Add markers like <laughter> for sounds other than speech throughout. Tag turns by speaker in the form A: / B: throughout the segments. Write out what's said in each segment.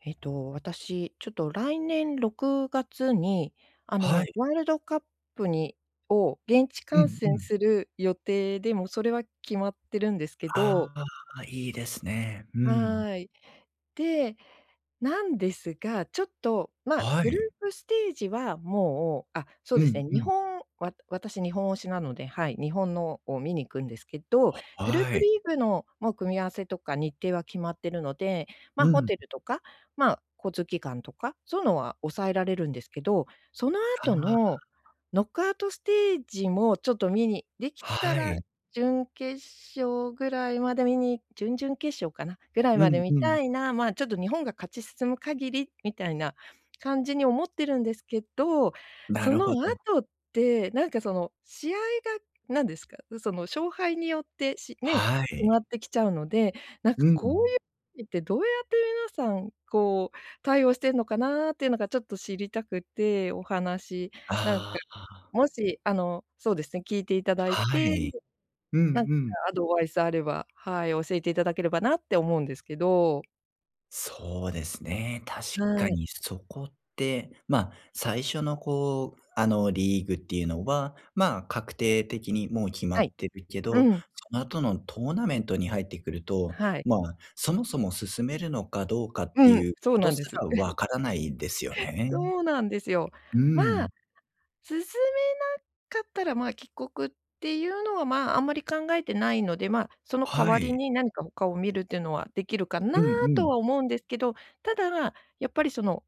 A: えっと私、ちょっと来年6月に、あ
B: は
A: の、
B: い。
A: ワールドカップにを現地
B: う
A: 観
B: んう
A: 戦
B: ん。
A: する予定で、もうそれは決まってるんですけど。
B: ああ、いいですね。うん。
A: はい。で、なんですが、ちょっと、まあ、
B: は
A: グル
B: い。
A: ープステージは、もうあ、そう
B: う
A: です
B: ん
A: ね、
B: う
A: 日
B: ん。
A: 本わ私日本推しなので、はい、日本のを見に行くんですけど、
B: は
A: グルー
B: は
A: プ
B: い。
A: リーグの、もう組み合わせとか日程は決まってるので、ま、
B: う
A: ホ
B: ん。
A: テルとか、まあ、交通機関とか、そういうのは抑えられるんですけど、その
B: あ
A: 後
B: あ。
A: のノックアウトステージも、ちょっと見にできた
B: は
A: ら
B: い。
A: 準決勝ぐらいまで見に準々決勝かな、ぐらい
B: う
A: まで
B: ん
A: 見
B: うん。
A: たいな、ま、ちょっと日本が勝ち進む限りみたいな感じに思ってるんですけど、
B: な
A: そ
B: る
A: の
B: ほど。
A: 後って、なんかその、試合が何ですか、その勝敗によって、しね、
B: は
A: 決ま
B: い。
A: ってきちゃうので、なん
B: う
A: かこう
B: ん。
A: いうときってどうやって皆さん、こう、対応してんのかなっていうのがちょっと知りたくて、お話、なんか、
B: ああ。
A: もし、あの、そうですね、聞いていただい
B: は
A: て、
B: い。うん
A: なんか
B: うん。
A: アドバイスあれば、はい、教えていただければなって思うんですけど。
B: そうですね。確
A: は
B: か
A: い。
B: にそこって、ま、最初の、こう、あの、リーグっていうのは、ま、確定的に、もう、決ま
A: は
B: っ
A: い。
B: てるけ
A: う
B: ど、そ
A: ん。
B: の後のトーナメントに入ってくると、
A: はい。
B: ま、そもそも進めるのかどうかっ
A: う
B: て
A: んう
B: い
A: ん、
B: う
A: そう
B: こと
A: なん
B: す
A: です
B: ら、わからないですよ
A: <laughs>
B: ね。
A: そうなんですよ。
B: う
A: ま、
B: ん。
A: 進めなかったら、ま、帰国っていうのは、ま、あんまり考えてないので、ま、その代
B: は
A: わり
B: い。
A: に何か他を見るっていうのは、できるかな
B: うんう
A: と
B: ん。
A: は思うんですけど、ただ、やっぱり、その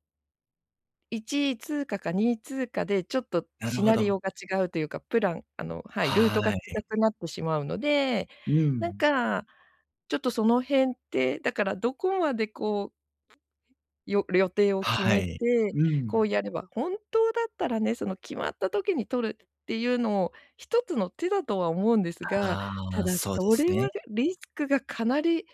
A: 1位通過か2位通過で、ちょっと
B: なる
A: シ
B: ほ
A: ナリオ
B: ど。
A: が違うというか、プラン、あの、はい、ルー
B: はい
A: トが
B: は
A: 違
B: い。
A: くなってしまうので、
B: うー
A: なん
B: ん。
A: か、ちょっと、その辺って、だから、どこまで、こうよ予定を決
B: は
A: め
B: い。
A: て、
B: うー
A: こ
B: ん。
A: う、やれば、本当だったらね、その、決まった時に取るっていうのを、一つの手だとは思うんですが、た
B: あ、
A: だ、
B: そうで
A: そ
B: す
A: れ
B: ね。
A: はリスクがかなり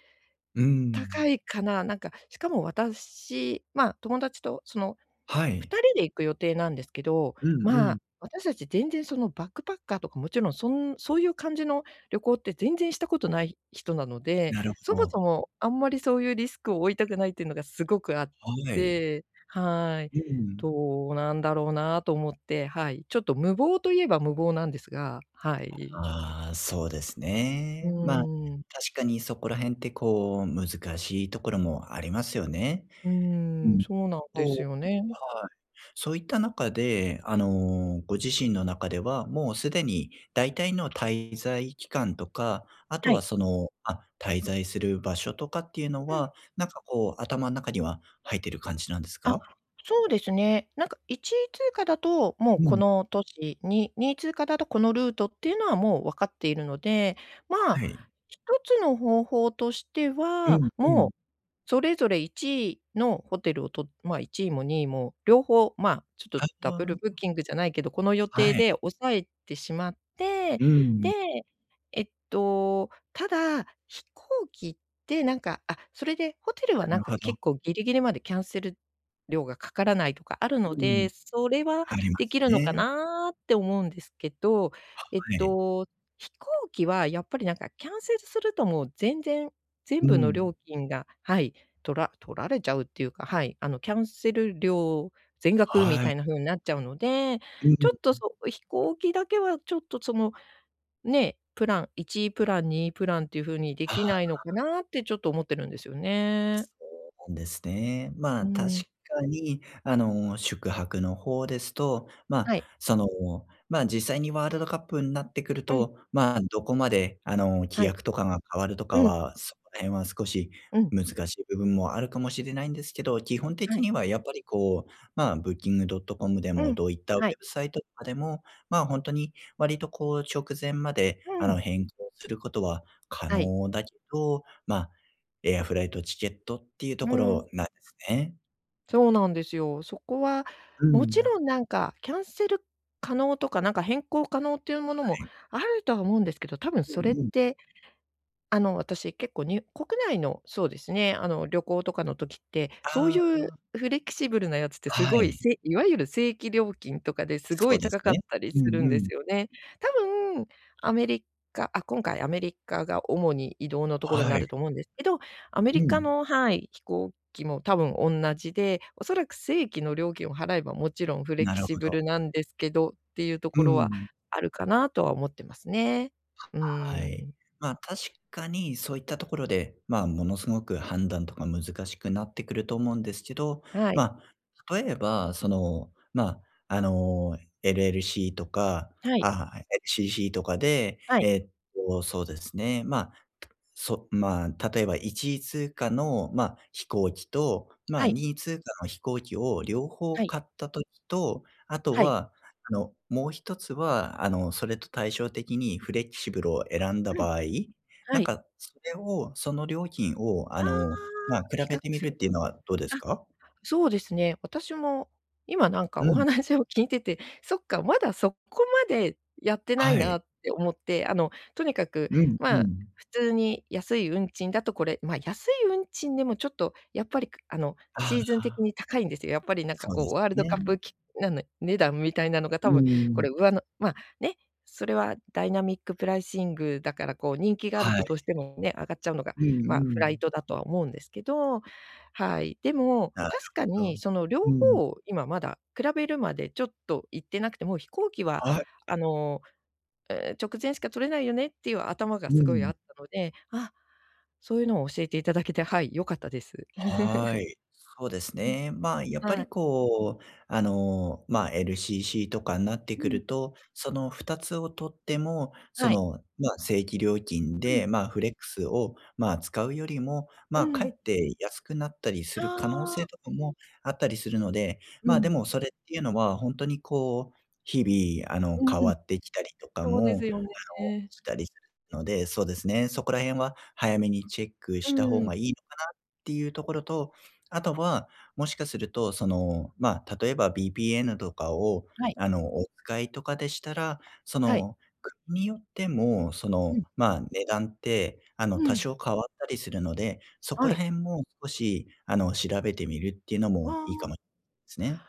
B: うー
A: 高
B: ん。
A: いかな、なんか、しかも私、ま、友達と、その、
B: は
A: ふ
B: い。
A: たりで行く予定なんですけど、
B: うんう
A: ま、
B: ん。
A: 私たち、全然、その、バックパッカーとか、もちろん、そんそういう感じの旅行って全然したことない人なので、
B: なる
A: そ
B: ほ
A: もそ
B: ど。
A: も、あんまりそういうリスクを負いたくないっていうのがすごくあっ
B: はい。
A: て、はい。
B: うーん。
A: どうなんだろうなと思って、はい、ちょっと無謀と言えば無謀なんですが、はい。
B: ああ、そうです
A: う
B: ね。ま、
A: ん。
B: 確かにそこら辺って、こう、難しいところもありますよね。
A: う
B: う
A: ーん、
B: ん。
A: そうなんで
B: そう。
A: すよね。
B: はい。そういった中で、あの、ご自身の中では、もうすでに、大体の滞在期間とか、あと
A: は
B: は、
A: い。
B: その、あ、滞在する場所とかっていうの
A: うん。
B: は、なんか、こう、頭ん中には入ってる感じなんです
A: あ、
B: か？
A: そうですね。なんか、1位通過だと、もう、
B: う
A: こ
B: ん。
A: の都市に、2位通過だとこのルートっていうのは、もう、分かっているので、ま、
B: はい。
A: 一つの方法として
B: う
A: は、
B: んう
A: も
B: ん。
A: う、それぞれ、1位のホテルをと、ま、1位も2位も、両方、ま、ちょっ
B: あ、あ
A: とダブル
B: あ。
A: ブッキングじゃないけど、この予
B: は
A: 定
B: い。
A: で押さえてしまって、
B: うん。
A: で、えっと、ただ、飛行機って、なんか、あ、それでホテル
B: な
A: は、なん
B: る
A: か、
B: ほど。
A: 結構ギリギリまでキャンセル料がかからないとかあるの
B: うん。
A: で、それは
B: ありま
A: でき
B: す
A: るのか
B: ね。
A: なって思うんですけど、えっ
B: はい。
A: と、飛行機は、やっぱり、なんか、キャンセルすると、もう、全然、
B: う
A: 全
B: ー
A: 部の
B: ん。
A: 料金がはい、取ら取られちゃうっていうか、はい、あの、キャンセル料全額み
B: はい。
A: たいな風になっちゃうので、
B: うー
A: ちょっと、
B: ん。
A: そう、飛行機だけは、ちょっと、その、ね、プラン1位プラン、2位プランっていう風にで
B: あ
A: きな
B: あ。
A: いのかなって、ちょっと、思ってるんですよね。
B: そうなんですね。
A: うー
B: ま、確
A: ん。
B: かに、あの、宿泊の方ですと、ま、
A: はい。
B: その、ま、実際にワールドカップになってくる
A: うん。
B: と、ま、どこまで、あの、規
A: はい。
B: 約とかが変わると
A: う
B: か
A: ん。
B: は、その辺は少し
A: うん。
B: 難しい部分もあるかもしれないんですけど、基本
A: は
B: 的
A: い。
B: には、やっぱり、こう、ま、Booking.com でも、
A: うん、
B: どういったウェ
A: はい。
B: ブサイトとかでも、ま、ほんとに、割と、こう、直前まで、あ
A: うん。
B: の、変更することは可
A: はい。
B: 能だけど、ま、エアフライトチケットっていうと
A: う
B: こ
A: ーん。
B: ろなんですね。
A: そうなんですよ。そこは、
B: う
A: もち
B: ん。
A: ろんなんか、キャンセル可能とかなんか、変更可能というものも
B: はい。
A: あるとは思うんですけど、多分
B: う
A: それっ
B: んうん。
A: て、あの、私、結構にゅ国内の、そうですね、あの旅行とかの時って、そう
B: あ
A: いう
B: あ。
A: フレキシブルなやつってす
B: は
A: ごい
B: い。
A: せいわゆる正規料金とかで、すご
B: そう
A: い
B: です
A: 高かっ
B: ね。
A: たり
B: う
A: する
B: ん
A: ん
B: う
A: で
B: ん。
A: すよね。多分、アメリカ、あ、今回アメリカが主に移動のところに
B: は
A: な
B: い。
A: ると思うんですけど、アメリ
B: う
A: カ
B: ん。
A: のはい、飛行機も多分おんなじで、おそらく正規の料金を払えば、もちろんフレ
B: な
A: キ
B: る
A: シ
B: ほ
A: ブ
B: ど。
A: ルなんですけど、っていうと
B: う
A: ころは
B: ん。
A: あるかな、とは思ってますね。うー
B: はい。
A: ん。
B: ま、確かにそういったところで、ま、ものすごく判断とか難しくなってくると思うんですけど。
A: はい。
B: ま、例えばその、ま、あの、LLC とか、
A: はい。
B: あ、LCC とかで、
A: はい。
B: えっとそうですね、ま、そ、ま、例えば、1位通過の、ま、飛行機と、
A: は
B: ま、
A: い。
B: 2位通過の飛行機を両方
A: はい。
B: 買った時と、あと
A: はい。
B: は、あの、もう1つは、あの、それと対照的にフレキシブルを選んだ
A: うん。
B: 場合、な
A: は
B: ん
A: い。
B: かそれを、その料金を、あ
A: ああ、
B: の、ま、比
A: 比
B: べ
A: 較
B: てみ
A: す
B: るっ
A: る
B: ていう
A: と。
B: のはどうです
A: あ、
B: か？
A: そうですね。私も今なんか
B: う
A: お
B: ん。
A: 話を聞いてて、そっか、まだそこまでやってない
B: はい。
A: なって思って。あの、とにかく、
B: うんう
A: まあ
B: ん。
A: 普通に安い運賃だとこれ。ま、安い運賃でもちょっとやっぱりあの、
B: あ
A: シーズン的
B: あ。
A: に高いんですよ。やっぱりなんか
B: そう
A: こ
B: で
A: う、
B: す
A: ワールド
B: ね。
A: カップき、なんの値段みたいなのが
B: う
A: 多
B: ー
A: 分こ
B: ん。
A: れ、うわのま、ね、それはダイナミックプライシングだから、こう人気がある
B: は
A: と
B: い。
A: どうしても、ね、上がっちゃうのが、
B: うんう
A: ま、フライ
B: ん。
A: トだとは思うんですけど。はい、でも
B: なる
A: 確か
B: ほど。
A: に、その両
B: うん。
A: 方を今まだ、比べるまでちょっといってなくて、もう、飛行機は
B: はい。
A: あの、直前しか取れないよねっていう頭が
B: う
A: すごい
B: ん。
A: あったので。あ、そういうのを教えていただけて、はい、良かったです。
B: は
A: <laughs>
B: い。そうです
A: うん。
B: ね。ま、やっぱ
A: は
B: り
A: い。
B: こう、あの、ま、LCC とかになって
A: う
B: く
A: ん。
B: ると、その2つを取っても、そ
A: はい。
B: の、ま、正規料金
A: うん。
B: で、ま、フレックスを、ま、使うよりも、
A: う
B: ま、かえ
A: ん。
B: って安くなったりす
A: あ
B: る可能
A: あ。
B: 性とかもあったりするので。
A: う
B: ま、で
A: ん。
B: も、それっていうのは本当にこう、日々、あの
A: う
B: 変わ
A: ん。
B: ってきたりとか
A: そう
B: も、
A: ですよ
B: あの、
A: ね。
B: したりするので。そうですね、そこら辺は早めにチェック
A: う
B: した方
A: ーん。
B: がいいのかなっていうところと、あとは、もしかすると、その、ま、例えばVPNとかを、
A: はい。
B: あの、お使いとかでしたら、そ
A: はい。
B: の、国によっても、そ
A: う
B: の、
A: ん。
B: ま、値段って、あの、
A: う
B: 多
A: ん。
B: 少変わったりするので。そこ
A: は
B: ら
A: い。
B: 辺も少し、あの、調べてみるっていうのも
A: あ
B: いいか
A: あ。
B: もすね。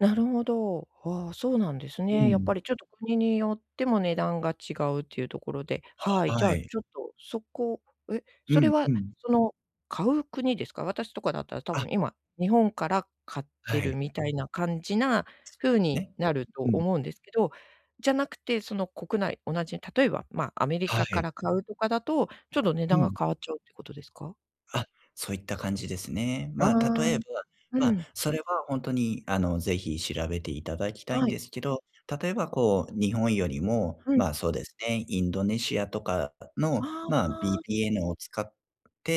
A: なるほど。あ、そうなんです
B: う
A: ね。やっ
B: ん。
A: ぱりちょっと、国によっても値段が違うっていうところで、はい。じ
B: は
A: ゃあ
B: い。
A: ちょっと、そこ、え、
B: う
A: それ
B: んう
A: は、
B: ん。
A: その、買う国ですか？私とかだったら多
B: あ。
A: 分今、日本から買って
B: は
A: る
B: い。
A: みたいな感じな
B: そう
A: 風
B: です
A: に
B: ね。
A: なると
B: うん。
A: 思うんですけど、じゃなくて、その国内、同じ、例えば、ま、アメリ
B: は
A: カか
B: い。
A: ら買うとかだと、ちょっと値
B: う
A: 段が
B: ん。
A: 変わっちゃうってことですか？
B: あ、そういった感じですね。
A: あ
B: まあ、
A: あ。
B: 例えば、
A: う
B: まあ、
A: ん。
B: それはほんとに、あの、是非調べていただきたいん
A: はい。
B: ですけど、例えばこう、日本よりも、
A: うん。
B: まあ、そうですね。インドネシアとかの、
A: あ
B: まあ、
A: あ。
B: VPN を使っ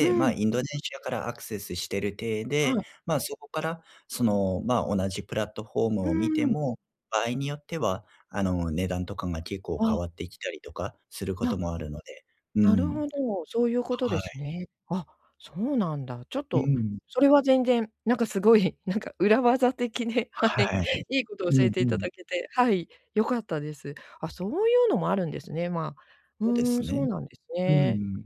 A: う
B: まあ、
A: ん。
B: インドネシアからアクセスしてる体
A: は
B: で、
A: い。
B: まあ、そこから、その、ま、同じプラットフォー
A: う
B: ム
A: ー
B: を見て
A: ん。
B: も、場合によっては、あの、値段とかが結構
A: あ
B: 変
A: あ。
B: わってきたりとか、すること
A: な
B: もあるのでう
A: なる
B: ん。
A: ほど。そういうことで
B: は
A: す
B: い。
A: ね。あ、そうなんだ。ちょっ
B: う
A: と、
B: ん。
A: それは全然、なんかすごい、なんか裏技的で、はい。
B: はい。
A: いいことを教
B: う
A: え
B: ん
A: て
B: う
A: いた
B: ん。
A: だけて、はい。良かったです。あ、そういうのもあるんですね。まあ、
B: そうで
A: うー
B: す
A: ん。そう
B: ね。
A: なんです
B: う
A: ね。
B: ん。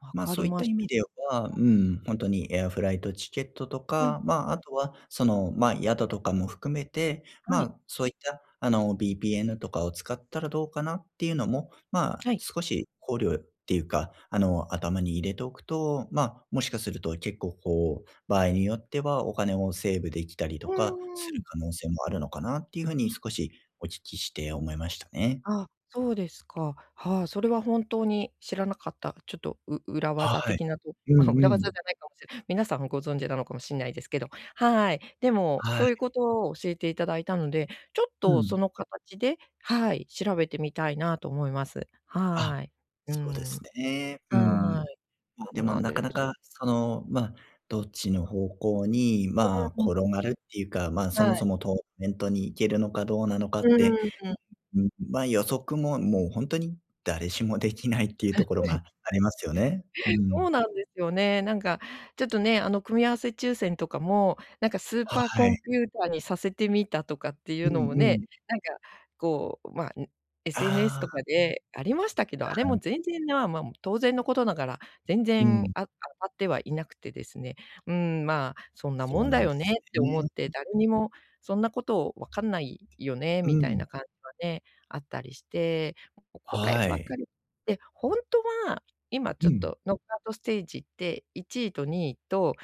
A: 分
B: まあ、
A: か
B: そ
A: り
B: ういっ
A: ま
B: た
A: し
B: 意
A: た。
B: 味では、う
A: はい。
B: ん。本当にエアフライトチケットと
A: うん。
B: か、まあ、あとは、その、ま a、宿とかも含めて、ま
A: はい。
B: あ、そういった、あの、VPN とかを使ったらどうかなっていうのも、まあ、
A: はい。
B: 少し、考慮っていうか、あの、頭に入れておくと、まあ、もしかすると結構こう、場合によってはお金をセーブ出来たり
A: う
B: とか、す
A: ー
B: る
A: ん。
B: 可能性もあるのかなっていう風に
A: あ。
B: 少し、お聞きして思いましたね。
A: ああ、そうですか。はあ、それは本当に、知らなかった。ちょっと、う裏技
B: はい。
A: 的なと
B: う
A: まあ、
B: ん
A: 裏
B: う
A: 技じ
B: ん。
A: ゃないかもしれ皆さんもご存じなのかもしんないですけど、はい。でも、
B: はい。
A: そういうことを教えていただいたので、ちょっ
B: う
A: と、
B: ん。
A: その形で、はい。調べてみたいなと思います。
B: あ、
A: はい。う
B: そうです
A: ん。
B: ね。うん。
A: はい。
B: まあ、
A: ほ
B: で
A: う
B: も
A: なん
B: なか
A: で
B: な
A: すよ。
B: か、その、まあ、どっちの方向に、
A: う
B: まあ、
A: ーん。
B: 転がるっていうか、ま、そ
A: は
B: もそ
A: い。
B: もトーナメントに行けるのかどうなのか
A: う
B: って、
A: ーん。
B: ん、ま、予測も、もう本当に誰しも出来ないっていうところがありますよね。う
A: <laughs> そう
B: ん。
A: なんですよね。なんか、ちょっとね、あの組み合わせ抽選とかも、なんかスー
B: は
A: パーコ
B: い。
A: ンピューターにさせてみたとかってい
B: う
A: うのも
B: んう
A: ね。
B: ん。
A: なんか、こう、まあ、ん SNS
B: あ
A: と
B: あ。
A: かで、ありましたけど、
B: だ
A: あれ
B: はん。
A: も全然なま、も、当然のことながら、全
B: う
A: 然、
B: ん。
A: あ当たってはいなくてですね。うん。まあ、そんな
B: そ
A: も
B: う
A: ん
B: な
A: だ
B: ん
A: よ
B: です
A: ねって思って、
B: ね。
A: 誰にも、そんなこと分かんないよね、
B: う
A: みたい
B: ん。
A: な感じはね、あったりして、ここれ
B: は
A: ばっか
B: い。
A: りって、ほんとは、今ち
B: う
A: ょっ
B: ん。
A: と、ノックアウトステージで、1位と2位と、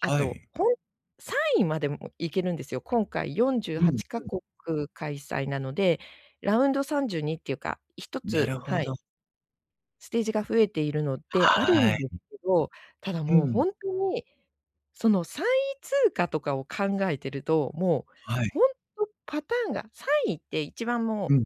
A: あ
B: は
A: と、
B: い。
A: ほん3位までも行けるんですよ。今回よんじゅう
B: う
A: は
B: ん
A: ちか
B: うん。
A: こく開催なので、ラウンド32っていうか、ひと
B: な
A: つ
B: るほ
A: はい。
B: ど。
A: ステージが増えているのってあるん
B: はい。
A: ですけど、ただ
B: う
A: もう、ほ
B: ん。
A: んとに、その、3位通過とかを考えてると、もう、
B: はい。
A: ほんとパターンが3位って一番も
B: う
A: う、
B: ん。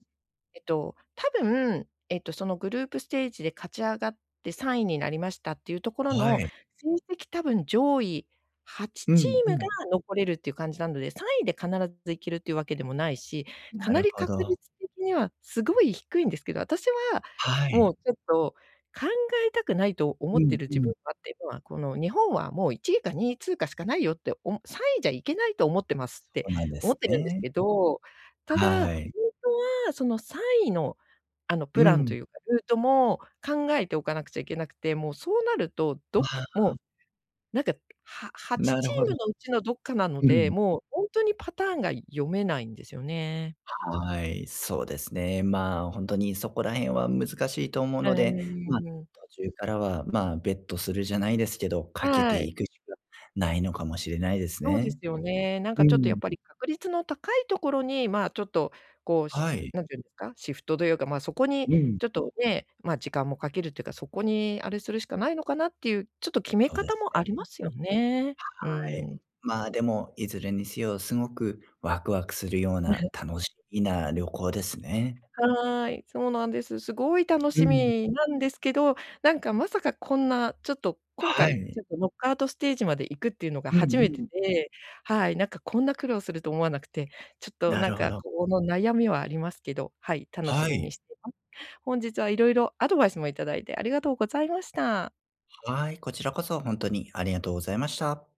A: えと、多分、ええと、そのグループステージで勝ち上がって3位になりましたっていうところ
B: は
A: の、
B: い。
A: 成績多分上位はち
B: う
A: チ
B: ん
A: ー
B: う
A: ムが
B: ん。
A: 残れるっていう感じなので、3位で必ず行けるっていうわけでもないし、か
B: な
A: な
B: る
A: り
B: ほ
A: 確
B: ど。
A: 率的には、すごい低いんですけど、私は、
B: は
A: も
B: い。
A: う、ちょっと、考えたくないと思
B: う
A: って
B: ん
A: る
B: う
A: 自分
B: ん。
A: がっていうのは、この日本はもう1位か2位通過しかないよって、お3位じゃいけないと思ってます。っ
B: そ
A: て
B: うなんで
A: 思
B: す
A: ってるんです
B: ね。
A: けど、ただ、ほんと
B: はい。
A: は、その3位の、あの、
B: う
A: プランと
B: ん。
A: いうか、ルートも、考えておかなくちゃいけなくて、もうそうなると、
B: わ
A: ど、も
B: あ。
A: う、なんか、ははち
B: な
A: チ
B: るほ
A: ー
B: ど。
A: ムのうちのどっかなの
B: う
A: で、
B: ん。
A: もうほんとにパターンが読めないんですよね。
B: はい。そうですね。まあ、ほんとに、そこら辺は難しいと思う
A: う
B: ので、まあ、
A: ーん。
B: 途中からは、まあ、ベットするじゃないですけど、かけて
A: はい。
B: いくしかないのかもしれないです
A: そうで
B: ね。
A: すよね。なん
B: う
A: かちょっとやっ
B: ん。
A: ぱり確率の高いところに、まあ、ちょっと、こう、し
B: はい。
A: 何て言うんですか。シフトというか、まあ、そこに
B: うん。
A: ちょっと、ね、まあ、時間もかけるというか、そこに、あれするしかないのかなっていう、ちょっと決め
B: そうで
A: 方
B: す
A: も
B: ね。
A: ありますよね。う
B: はい。
A: ん。
B: まあ、でも、いずれにせよ、すごくワクワクするような、
A: <chuckles>
B: 楽しみな旅行ですね。
A: はい。そうなんです。すごい楽
B: う
A: し
B: ん。
A: みなんですけど、なんかまさかこんな、ちょっと、今
B: は
A: 回、
B: い。
A: ちょっとノックアウトステージまで行くっていうのが
B: う
A: 初
B: ん
A: め
B: う
A: て
B: ん。
A: で、はい。なんかこんな苦労すると思わなくて、ちょっと、
B: な
A: なん
B: るほ
A: か、
B: ど。
A: こうの、悩みはありますけど、はい。楽し
B: は
A: み
B: い。
A: にしてます。本日は色々、アドバイスもいただいてありがとうございました。
B: はい、こちらこそほんとにありがとうございました。